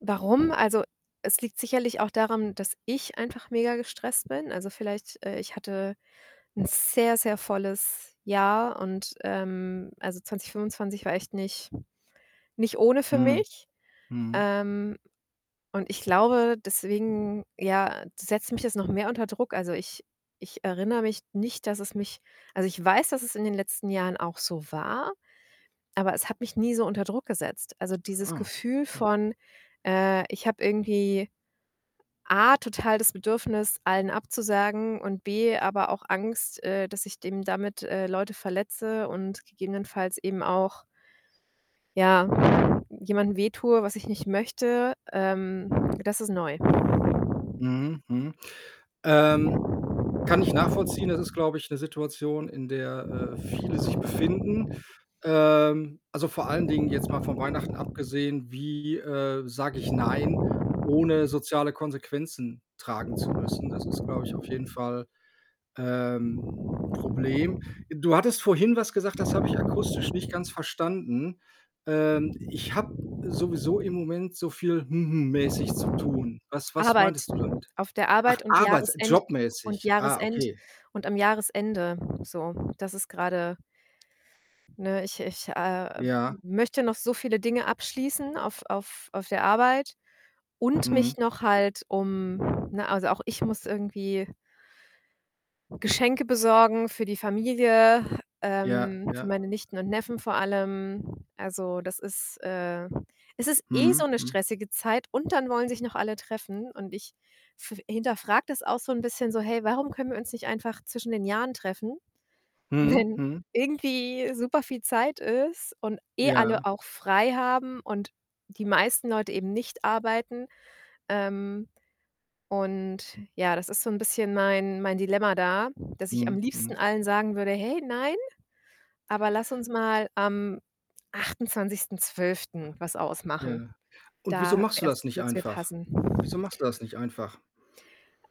Warum? Also, es liegt sicherlich auch daran, dass ich einfach mega gestresst bin. Also vielleicht, äh ich hatte 'n sehr, sehr volles Jahr und ähm, also 2025 war echt nicht nicht ohne für Mhm. mich. Mhm. Ähm, und ich glaube, deswegen, ja, setzt mich das noch mehr unter Druck. Also, ich ich erinnere mich nicht, dass es mich also, ich weiß, dass es in den letzten Jahren auch so war, aber es hat mich nie so unter Druck gesetzt. Also, dieses Ah, Gefühl okay. von, äh, ich habe irgendwie A total das Bedürfnis, allen abzusagen und B aber auch Angst, äh, dass ich dem damit, äh, Leute verletze und gegebenenfalls eben auch ja, jemandem wehtue, was ich nicht möchte, ähm, das ist neu. Mhm, mhm. Ähm, kann ich nachvollziehen. Das ist, glaube ich, 'ne Situation, in der, äh, viele sich befinden. Ähm, also, vor allen Dingen jetzt mal von Weihnachten abgesehen, wie, äh, sage ich: „Nein”, ohne soziale Konsequenzen tragen zu müssen? Das ist, glaube ich, auf jeden Fall, ähm, 'n 'n Problem. Du hattest vorhin was gesagt, das habe ich akustisch nicht ganz verstanden. Ähm: „Ich habe sowieso im Moment so viel ‚hm hm‘ mäßig zu tun.” Was was Arbeit. meintest du damit? Auf der Ach, Arbeit und arbeits Jahresend u und jobmäßig. Ah, Jahresend okay. und am Jahresende, so. Das ist grade ne, ich ich, äh, Ja. möchte noch so viele Dinge abschließen auf auf auf der Arbeit und Mhm. mich noch halt um ne, also, auch ich muss irgendwie Geschenke besorgen für die Familie, Ja, ähm, für ja. meine Nichten und Neffen vor allem. Also, das ist, äh, es ist eh so Mhm, 'ne mhm. stressige Zeit und dann wollen sich noch alle treffen. Und ich f f hinterfrage das auch so 'n bisschen so: „Hey, warum können wir uns nicht einfach zwischen den Jahren treffen, Mhm, wenn mhm. irgendwie super viel Zeit ist und eh alle Ja. auch frei haben und die meisten Leute eben nicht arbeiten", ähm, und ja, das ist so 'n bisschen mein mein Dilemma da, dass ich am Mhm, liebsten mhm. Allen sagen würde: „Hey, nein, aber lass uns mal am 28.12. was ausmachen. Ja. Und wieso Da machst du das erst nicht würde es mir einfach? passen." Wieso machst du das nicht einfach?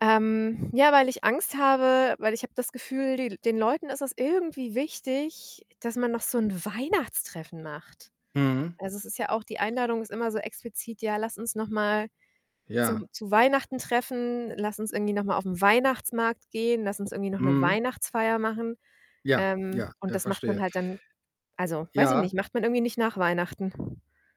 Ähm, ja, weil ich Angst habe weil ich habe das Gefühl, die den Leuten ist es irgendwie wichtig, dass man noch so 'n Weihnachtstreffen macht. Mhm. Also, es ist ja auch die Einladung ist immer so explizit: „Ja, lass uns noch mal Ja. zum zu Weihnachten treffen, lass uns irgendwie noch mal auf 'n Weihnachtsmarkt gehen, lass uns irgendwie noch 'ne Mhm. Weihnachtsfeier machen“. Ja, ja, Ähm, und ja, das macht verstehe. man Äh, halt dann also, weiß ich ja. nicht, macht man irgendwie nicht nach Weihnachten.